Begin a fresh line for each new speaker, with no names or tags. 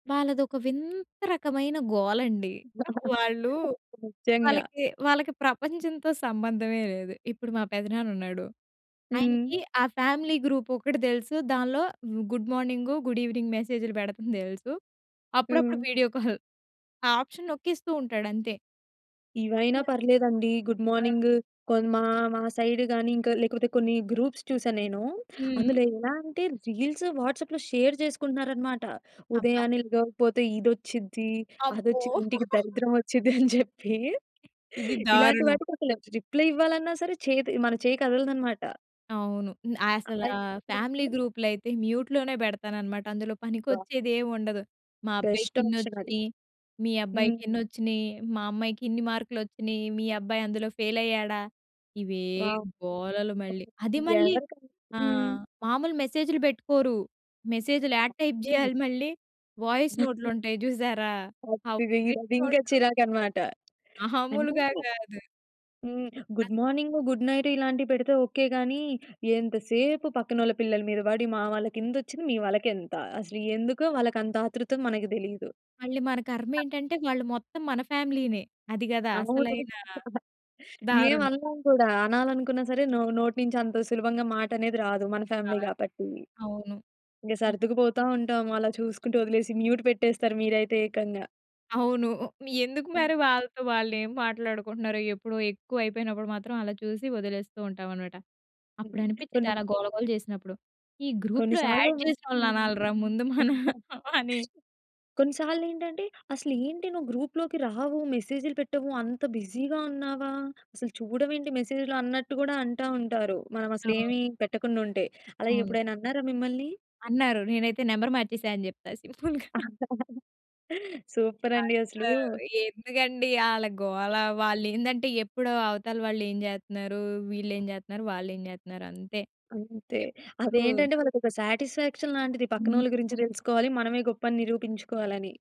వాళ్ళదోక వింత రకమైన గోలండి. వాళ్ళు
నిజంగా.
వాళ్ళకి, వాళ్ళకి ప్రపంచంతో సంబంధమే లేదు. ఇప్పుడు మా పెదనానున్నాడు,
హ్మ్.
ఆయనకి ఆ ఫ్యామిలీ గ్రూ‌పోకటి తెలుసు దానిలో గుడ్ మార్నింగు గుడ్ ఈవెనింగ్ మెసేజ్‌‌లు పెడతుం తెలుసు. అప్పుడప్పుడు
హ్మ్.
వీడియో కాల్ ఆ ఆప్షన్ నొక్కిస్తూ ఉంటాడు అంతే.
ఇవైనా
అసల
పర్లేదండి. గుడ్
అ!
మార్నింగు కొ మా మా సైడ్ గాని ఇంక లేకపోతే కొన్ని గ్రూప్స్ చూసా నేను.
హ్మ్.
అందులో ఎలా అంటే రీల్స్, వాట్సాప్‌లో షేర్ చేసుకుంటున్నారు అన్నమాట.
అబ్భ!
ఉదయాన్నే లేగపోతే ఇదోచ్చిద్ది,
అమ్మో!
అదొచ్చి ఇంటికి దరిద్రమొచ్చిది అని చెప్పి
ఇది
ఇలాంటి
దారుణం.
వాటికసలు రిప్లై ఇవ్వాలన్నా సరే చేత్ మన చేయి కదలదనమాట.
అవును. హ్మ్, అసల
అలా ఏప్పుడు
ఫ్యామిలీ గ్రూప్‌లయితే మ్యూట్‌ లోనే పెడతాన‌న్నమాట అందులో
అబ్బా!
పనికొచ్చే‌దేం ఉండదు. మా అబ్బాయికి
బెస్ట్ ఆప్షనది.
ఇన్నొచ్చినాయి, మీ అబ్బాయికి
హ్మ్.
ఎన్ని వచ్చినాయి? మా అమ్మాయికి ఇన్ని మార్కులొచ్చినాయి, మీ అబ్బాయందులో ఫెయిల్ అయ్యాడా? ఇవే
వావ్! హ్మ్.
గోలలు మళ్ళీ.
ఓకె
అది మళ్ళీ
ఎవరిక
ఆ!
హ్మ్.
మామూలు మెసేజ్‌‌లు పెట్టుకోరు మెసేజ్‌లు యాడ టైప్
హ్మ్.
చేయాలి మళ్ళీ వాయిస్ నోట్లుంటాయి చూసారా? ఆ
అది ది
వాయిస్
అదింకా
నోట్లు.
చిరాకనమాట. అంటే
మాములుగా కాదు.
హ్మ్. Good
as
morning, good night ఇలాంటివి పెడితే ఓకె గాని, ఎంతసేపు పక్కనోళ్ళ పిల్లల మీద పడి మా వాళ్ళకింతోచ్చింది, మీ వాళ్ళకేంత? అసలు ఎందు‌కో
అవును.
వాళ్ళకంత ఆతృత మనకు తెలీదు.
మళ్ళీ మన కర్మేంటంటే వాళ్ళు మొత్తం మన ఫ్యామిలీ‌నే. అది గదా!
అవును.
అసలైన
ఏం
దారుణం.
అనలేం కూడా అనాలనుకున్నా సరే నో నోట్నీంచి అంత సులభంగా మాట అనేది రాదు. మన ఫ్యామిలీ
కాదు.
కాబట్టి.
అవును.
ఇంకా
హ్మ్.
సర్దుకు పోతా ఉంటాం. అలా చూసుకుంటూ వదిలేసి మ్యూట్ పెట్టేస్తారు మీరైతే ఏకంగా.
అవును ఉ ఎందుకు
హ్మ్.
మరి వాళ్ళతో వాళ్ళు ఏమి మాట్లాడుకుంటున్నారో ఎప్పుడో ఎక్కువ అయిపోయినప్పుడు మాత్రం అలా చూసి వదిలేస్తూ ఉంటామనమాట. అప్పుడు
హ్మ్.
అనిపిం‌చి‌దీ
కొన్ని
అలా గోల గోల చేసినప్పుడు ఈ
కొన్ని
గ్రూప్‌‌లో
సార్లు
యాడ్
హ్మ్.
చేసినోళ్ళననాలిరా ముందు మనం అని.
కొన్ని సార్లేంటంటే అసలేంటి నువ్వు గ్రూప్‌లోకి రావు మెసేజ్‌లు పెట్టవు అంత బిజీగా ఉన్నావా? అసలు చూడవేంటి మెసేజ్‌లు అన్నట్టు కూడా అంటా ఉంటారు. మనం అసలు ఏమి
అవును.
పెట్టకుండా ఉంటే. అలా
అవును.
ఎప్పుడైనా అన్నారా మిమ్మల్ని?
అన్నారు. నేనైతే నంబర్ మార్చేసా అని చెప్తా సింపుల్‌గా.
సూపరండి
అంత
అసలు.
ఎందుకండి ఆళ్ళ గోల వా‌ళేందంటే ఎప్పుడో అవతల వాళ్ళు ఏం చేత్తున్నారు? వీళ్ళు ఏమి చేత్తున్నారు వాళ్ళు ఏం చేత్తున్నారంతే.
అంతే.
ఎప్పుడూ
అదేంటంటే వాళ్ళకొ‌క్క సాటిస్ఫాక్షన్ లాంటిది.
హ్మ్.
పక్కనోళ్ళ గురించి తెలుసుకోవాలి. మనమే గొప్పని నిరూపించుకోవాల‌ని.